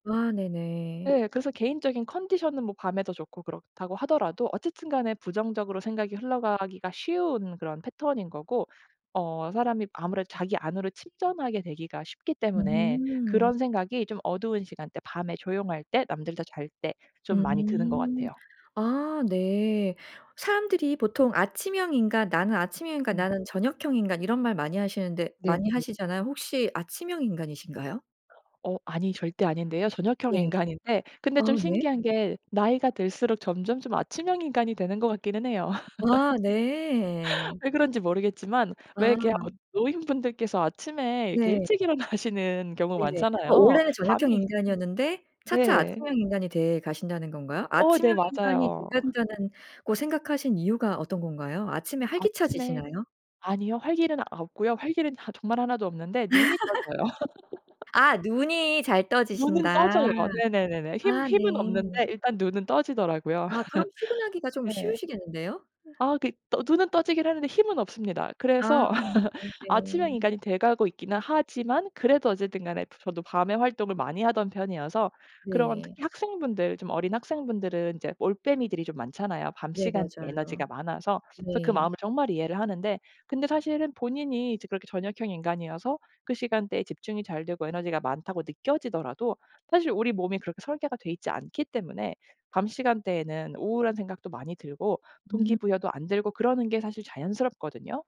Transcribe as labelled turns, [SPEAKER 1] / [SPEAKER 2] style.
[SPEAKER 1] 아, 네네.
[SPEAKER 2] 네. 그래서 개인적인 컨디션은 뭐 밤에도 좋고 그렇다고 하더라도 어쨌든 간에 부정적으로 생각이 흘러가기가 쉬운 그런 패턴인 거고, 어 사람이 아무래도 자기 안으로 침전하게 되기가 쉽기 때문에
[SPEAKER 1] 음.
[SPEAKER 2] 그런 생각이 좀 어두운 시간 때, 밤에, 조용할 때, 남들 다 잘 때 좀 많이 드는 것
[SPEAKER 1] 음.
[SPEAKER 2] 같아요.
[SPEAKER 1] 아, 네. 사람들이 보통 아침형 인간 나는 아침형 인간,
[SPEAKER 2] 음.
[SPEAKER 1] 나는 저녁형 인간 이런 말 많이 하시는데
[SPEAKER 2] 네.
[SPEAKER 1] 많이
[SPEAKER 2] 네.
[SPEAKER 1] 하시잖아요. 혹시 아침형 인간이신가요?
[SPEAKER 2] 어, 아니. 절대 아닌데요. 저녁형
[SPEAKER 1] 네.
[SPEAKER 2] 인간인데 근데
[SPEAKER 1] 아,
[SPEAKER 2] 좀
[SPEAKER 1] 네.
[SPEAKER 2] 신기한 게 나이가 들수록 점점 좀 아침형 인간이 되는 것 같기는 해요.
[SPEAKER 1] 아, 네.
[SPEAKER 2] 왜 그런지 모르겠지만 왜
[SPEAKER 1] 아.
[SPEAKER 2] 이렇게 어 노인분들께서 아침에 이렇게
[SPEAKER 1] 네.
[SPEAKER 2] 일찍 일어나시는 경우
[SPEAKER 1] 네네. 어,
[SPEAKER 2] 많잖아요.
[SPEAKER 1] 원래는 저녁형
[SPEAKER 2] 잠이
[SPEAKER 1] 인간이었는데 차차
[SPEAKER 2] 네.
[SPEAKER 1] 아침형 인간이 돼 가신다는 건가요?
[SPEAKER 2] 어, 네.
[SPEAKER 1] 아침형 인간이 돼
[SPEAKER 2] 맞아요.
[SPEAKER 1] 간다는 고 생각하신 이유가 어떤 건가요? 아침에
[SPEAKER 2] 아침에
[SPEAKER 1] 활기차지시나요?
[SPEAKER 2] 아니요. 활기는 아 없고요. 활기는 아 정말 하나도 없는데 눈이 떠져요.
[SPEAKER 1] 아. 눈이 잘
[SPEAKER 2] 눈은
[SPEAKER 1] 떠지신다.
[SPEAKER 2] 떠져요. 네네네네. 힘
[SPEAKER 1] 아,
[SPEAKER 2] 힘은
[SPEAKER 1] 네.
[SPEAKER 2] 없는데 일단 눈은 떠지더라고요.
[SPEAKER 1] 아. 그럼 출근하기가 좀
[SPEAKER 2] 네.
[SPEAKER 1] 쉬우시겠는데요?
[SPEAKER 2] 아, 네. 어 눈은 떠지긴 하는데 힘은 없습니다.
[SPEAKER 1] 아.
[SPEAKER 2] 그래서
[SPEAKER 1] 네네.
[SPEAKER 2] 아침형 인간이 돼 가고 있기는 하지만 그래도 어쨌든 간에 브 저도 밤에 활동을 많이 하던 편이어서 그런
[SPEAKER 1] 네.
[SPEAKER 2] 특히 학생분들 좀 어린 학생분들은 이제 올빼미들이 좀 많잖아요, 밤
[SPEAKER 1] 네,
[SPEAKER 2] 시간대
[SPEAKER 1] 맞아요.
[SPEAKER 2] 에너지가 많아서. 그래서 그
[SPEAKER 1] 네.
[SPEAKER 2] 마음을 정말 이해를 하는데 근데 사실은 본인이 이제 그렇게 저녁형 인간이어서 그 시간대에 집중이 잘 되고 에너지가 많다고 느껴지더라도 사실 우리 몸이 그렇게 설계가 돼 있지 않기 때문에 밤 시간대에는 우울한 생각도 많이 들고
[SPEAKER 1] 음.
[SPEAKER 2] 동기부여도 안 들고 그러는 게 사실 자연스럽거든요.